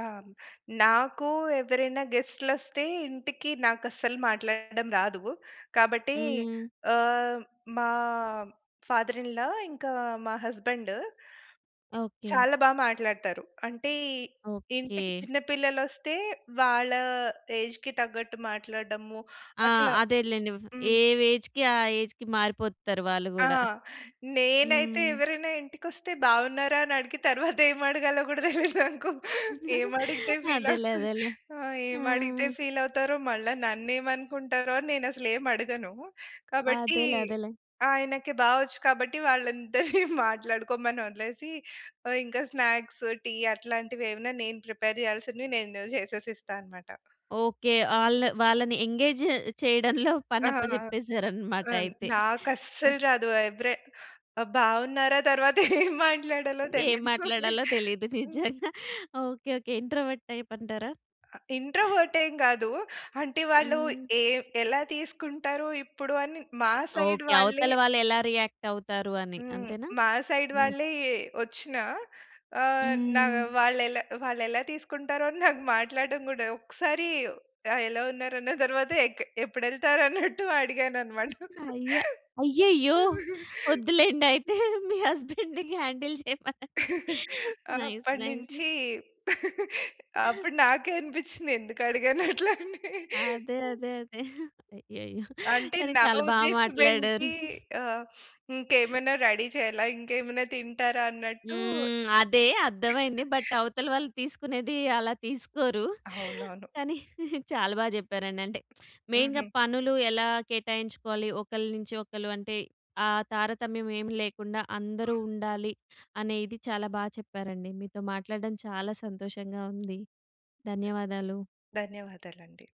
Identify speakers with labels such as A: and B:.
A: ఆహ్, హ్మ్. నాకు ఎవ్వరైనా గెస్ట్‌లొ‌స్తే ఇంటికి నాకస్సలు మాట్లాడడం రాదు. కాబట్టి
B: హ్మ్.
A: ఆహ్, మా ఫాదర్ ఇన్ లా ఇంకా మా హస్బెండ్...
B: ఓకే.
A: చాలా బాగా మాట్లాడతారు. అంటే ఇంటికి
B: ఓకే.
A: చిన్న పిల్లలొస్తే, వాళ్ళ ఏజ్‌కి తగ్గట్టు మాట్లాడడము
B: ఆ!
A: అట్లా
B: అదేలెండి. ఫ్ ఏ
A: హ్మ్.
B: వేజ్‌కి ఆ ఏజ్‌కి మారిపోతారు వాళ్ళు
A: ఆ!
B: కూడా. హ్మ్.
A: నేనైతే ఎవరైనా ఇంటికొస్తే బాగున్నారా! అనడిగి, తరువాత ఏమడగాలో కూడా తెలియదు నాకు. ఏమడిగితే ఫీల్
B: అదేలే,
A: అవుతు
B: అదేలే.
A: ఆ!
B: ఆ!
A: ఏమడిగితే ఫీల్ అవుతారో, మళ్ళా నన్నేమనుకుంటారో అని నేనసలు ఏమడగను. కాబట్టి,
B: అదేలే, అదేలే.
A: ఆయనకి బావొచ్చు కాబట్టి వాళ్ళందరిని మాట్లాడుకోమని వదిలేసి ఆహ్, ఇంక స్నాక్స్, టీ అట్లాంటివేమనా నేను ప్రిపేర్ చేయాల్సింది నేను జేసేసి ఇస్తా అన్నమాట.
B: ఓకే. ఆళ్ళ వాళ్ళని ఎంగేజ్ చేయడంలో
A: ఆ!
B: పనప్పచెప్పేసారన్‌మాట
A: అన్
B: అయితే. ఆ!
A: నాకస్సలు రాదు. ఎవరే ఆ! బాగున్నారా! తరువాత ఏం మాట్లాడాలో
B: ఏం
A: తెలియదు.
B: మాట్లాడాలో తెలియదు. నిజ్జంగా.
A: హ్మ్.
B: Okay, okay. ఇంట్రోవర్ట్ టైప్ అంటారా?
A: ఆహ్, ఇంట్రోవర్ట్ ఏం గాదు. అంటే వాళ్ళు
B: హ్మ్.
A: ఏవ్ ఎలా తీసుకుంటారో ఇప్పుడు అని. మా సైడ్
B: ఓకే.
A: వాళ్ళే
B: అవతల వాళ్ళు ఎలా రియాక్ట్ అవుతారు అని
A: హ్మ్.
B: అంతేనా?
A: మా సైడ్ వాళ్ళే వచ్చినా, ఆహ్, నా
B: హ్మ్.
A: వాళ్ళేలా వాళ్ళేలా తీసుకుంటారో అని నాకు మాట్లాడటం కూడా ఒక్కసారి ఆ! ఎలా ఉన్నారన్న తరువాత ఎక్ ఎప్పుడెళ్తారు అన్నట్టు అడిగానన్నమాట.
B: అయ్యే! అయ్యయ్యో! వద్దులేండయితే. మీ హస్బెండ్‌కి హ్యాండిల్ చేయమనండి. నైస్. నైస్.
A: అప్పటినుంచి అప్పుడు నాకే అనిపించింది ఎందుకడిగానట్లని?
B: అదే, అదేదే. అయ్యయ్యో!
A: అంటే
B: కానీ
A: నా
B: చాలా బా మాట్లాడారు.
A: ఉద్దేశమేంటి ఆహ్, ఇంకేమైనా రెడీ చేయాలా? ఇంకేమైనా తింటారా? అన్నట్టు
B: హ్మ్. అదే. అర్థమైంది. బట్ అవతల వాళ్ళు తీసుకునేది అలా తీసుకోరు.
A: అవునవును.
B: కానీ, చాలా బా చెప్పారండి. అంటే, మెయిన్‌గా
A: హుహు.
B: పనులు ఎలా కేటాయించుకోవాలి, ఒకళ్ళ నుంచి ఒకళ్ళు అంటే, ఆ తారతమ్యం ఏమి లేకుండా
A: ఆ!
B: అందరూ ఉండాలి. అనేది చాలా బా చెప్పారండి. మీతో మాట్లాడడం చాలా సంతోషంగా ఉంది. ధన్యవాదాలు.
A: ధన్యవాదాలండి.